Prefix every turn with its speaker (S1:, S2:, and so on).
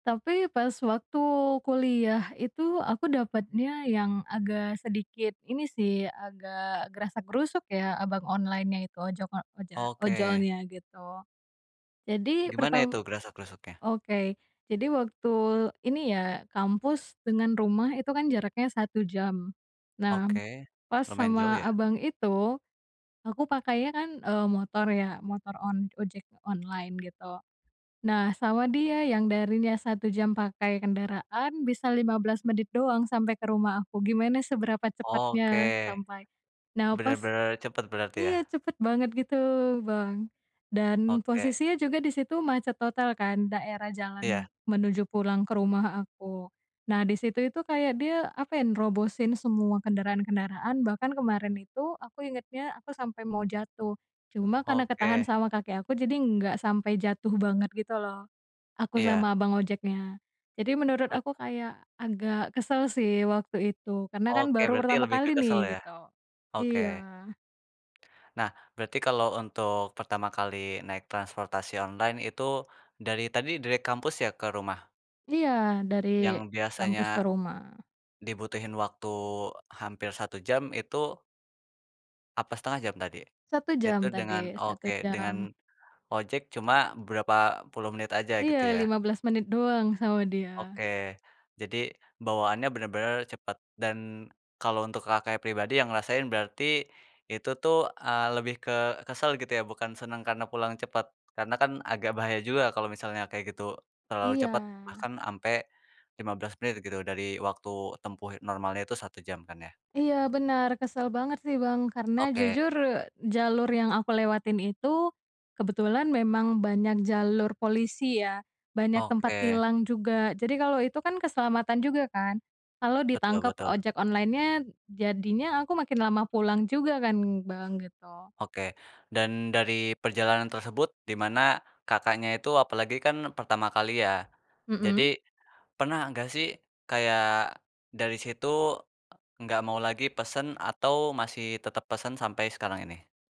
S1: Tapi, pas waktu kuliah itu aku dapetnya yang agak sedikit ini sih agak grasak-grusuk ya abang onlinenya itu ojok oja
S2: Oke.
S1: ojolnya gitu, jadi
S2: Gimana itu
S1: pertam
S2: grasak-grusuknya?
S1: oke jadi waktu ini ya kampus dengan rumah itu kan jaraknya 1 jam, nah,
S2: Oke,
S1: pas
S2: lumayan jauh
S1: sama
S2: ya.
S1: abang itu, aku pakainya kan, eee, motor ya motor on ojek online gitu, nah sama dia yang darinya 1 jam pakai kendaraan bisa 15 menit doang sampai ke rumah aku gimana seberapa
S2: Oke,
S1: cepatnya sampai, nah pas,
S2: bener-bener cepet berarti ya?
S1: iya cepet banget gitu Bang dan
S2: Oke.
S1: posisinya juga di situ macet total kan daerah jalan
S2: Iya.
S1: menuju pulang ke rumah aku, nah disitu itu kayak dia apa ya nerobosin semua kendaraan-kendaraan bahkan kemarin itu aku ingetnya aku sampai mau jatuh, cuma karena ketahan
S2: Oke.
S1: sama kaki aku jadi enggak sampai jatuh banget gitu loh, aku
S2: Iya.
S1: sama abang ojeknya, jadi menurut aku
S2: Betul.
S1: kayak agak kesel sih waktu itu karena kan
S2: Oke
S1: baru
S2: berarti
S1: pertama
S2: lebih ke
S1: kali
S2: kesel
S1: nih
S2: ya?
S1: gitu,
S2: Oke.
S1: iya.
S2: Nah berarti kalau untuk pertama kali naik transportasi online itu, dari tadi dari kampus ya ke rumah?
S1: Iya dari
S2: Yang biasanya,
S1: kampus ke rumah.
S2: dibutuhin waktu hampir 1 jam itu Apa 1/2 jam tadi,
S1: 1 jam
S2: itu dengan
S1: tadi 1
S2: oke dengan,
S1: jam.
S2: ojek cuma berapa puluh menit aja gitu
S1: Iya
S2: ya?
S1: 15 menit doang sama dia.
S2: Oke jadi bawaannya bener-bener cepet dan, kalau untuk Kakaknya pribadi yang ngerasain berarti, itu tuh, eee, lebih ke kesel gitu ya bukan senang karena pulang cepet, karena kan agak bahaya juga kalau misalnya kayak gitu terlalu
S1: Iya.
S2: cepet bahkan ampe 15 menit gitu dari waktu tempuh normalnya itu 1 jam kan ya.
S1: Iya benar kesel banget sih Bang karena
S2: Oke.
S1: jujur jalur yang aku lewatin itu, kebetulan memang banyak jalur polisi ya banyak tempat
S2: Oke.
S1: tilang juga jadi kalau itu kan keselamatan juga kan, kalau
S2: Betul
S1: ditangkap
S2: betul.
S1: ojek onlinenya jadinya aku makin lama pulang juga kan Bang gitu.
S2: Oke dan dari perjalanan tersebut dimana Kakaknya itu apalagi kan pertama kali ya,
S1: Mhm.
S2: jadi, pernah enggak sih kayak dari situ, enggak mau lagi pesen atau masih tetep pesen sampai sekarang ini?